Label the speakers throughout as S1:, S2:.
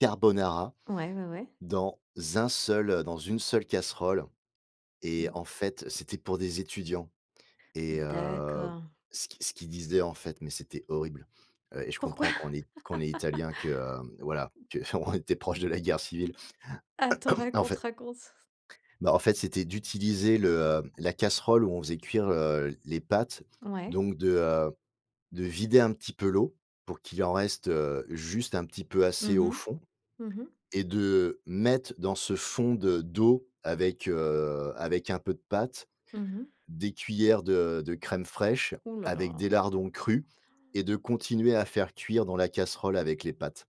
S1: Carbonara
S2: Ouais, ouais, ouais.
S1: dans un seul, heu, dans une seule casserole et
S2: Mmh.
S1: en fait, c'était pour des étudiants et heu,
S2: D'accord.
S1: ce qu'ils ce qu'ils disaient, en fait, mais c'était horrible. Heu, et je
S2: Pourquoi?
S1: comprends quand on est quand on est Italien que, heu, voilà, qu'on était proche de la guerre civile.
S2: Attends!
S1: En
S2: Raconte,
S1: fait
S2: raconte.
S1: Bah, en fait, c'était d'utiliser le, heu, la casserole où on faisait cuire, heu, les pâtes
S2: Ouais.
S1: donc de, heu, de vider un petit peu l'eau pour qu'il en reste, heu, juste un petit peu assez
S2: Mmh
S1: au
S2: mh.
S1: fond
S2: Mmh mh.
S1: et de, heu, mettre dans ce fond de d'eau avec, heu, avec un peu de pâtes,
S2: Mmh mh.
S1: des cuillères de de crème fraîche
S2: Hou là, là.
S1: avec des lardons crus et de continuer à faire cuire dans la casserole avec les pâtes.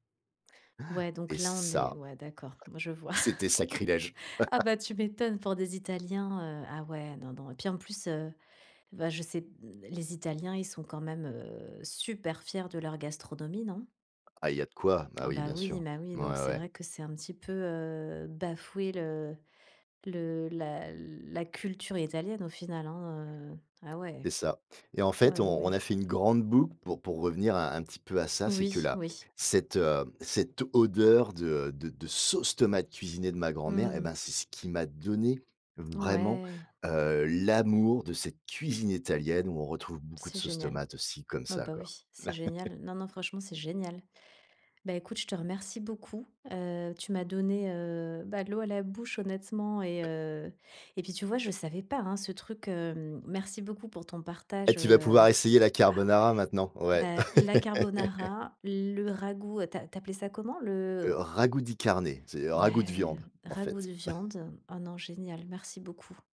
S2: Ouais
S1: Han
S2: donc
S1: et
S2: là, on est
S1: ça,
S2: ouais, d'accord, je vois.
S1: c'était sacrilège!
S2: Ah, bah, tu m'étonnes pour des Italiens, heu, ah, ouais, non, non, et puis, en plus, heu, bah, je sais, mmh, les Italiens, ils sont, quand même, heu, super fiers de leur gastronomie, non?
S1: Ah il y a de quoi. Bah,
S2: Ah,
S1: oui,
S2: bah,
S1: bien
S2: oui,
S1: sûr.
S2: ma oui,
S1: Ouais,
S2: donc c'est
S1: ouais.
S2: vrai que c'est un petit peu, heu, bafouer le le la l la culture italienne, au final, hein, heu, ah, ouais.
S1: C'est ça et en
S2: Ouais,
S1: fait,
S2: ouais,
S1: on on
S2: ouais.
S1: a fait une grande boucle pour pour revenir un un petit peu à ça, c'est que
S2: Oui,
S1: la
S2: oui.
S1: cette, heu, cette odeur de, heu, de de sauce tomate cuisinée de ma grand-mère et ben,
S2: Mmh.
S1: c'est ce qui m'a donné vraiment,
S2: Ouais.
S1: heu, l'amour de cette cuisine italienne où on retrouve beaucoup de
S2: C'est
S1: sauce
S2: génial.
S1: tomate aussi, comme
S2: Oh,
S1: ça,
S2: bah,
S1: quoi.
S2: oui, c'est génial. Non, non, franchement, c'est génial. Bah, écoute, je te remercie beaucoup. Heu, tu m'as donné, heu, bah, l'eau à la bouche, honnêtement et heu, et puis, tu vois, je savais pas, hein, ce truc, hem, merci beaucoup pour ton
S1: Eh
S2: partage,
S1: tu vas
S2: heu,
S1: pouvoir essayer la
S2: ah, ouais.
S1: carbonara maintenant! Ouais.
S2: Beh, la carbonara, le ragoût, tu a tu appelais ça comment?
S1: Heu,
S2: Le
S1: ragu di carne, ça veut dire ragoût de
S2: Ouais,
S1: viande, en
S2: ragoût
S1: fait.
S2: de viande. Oh, non, génial. Merci beaucoup.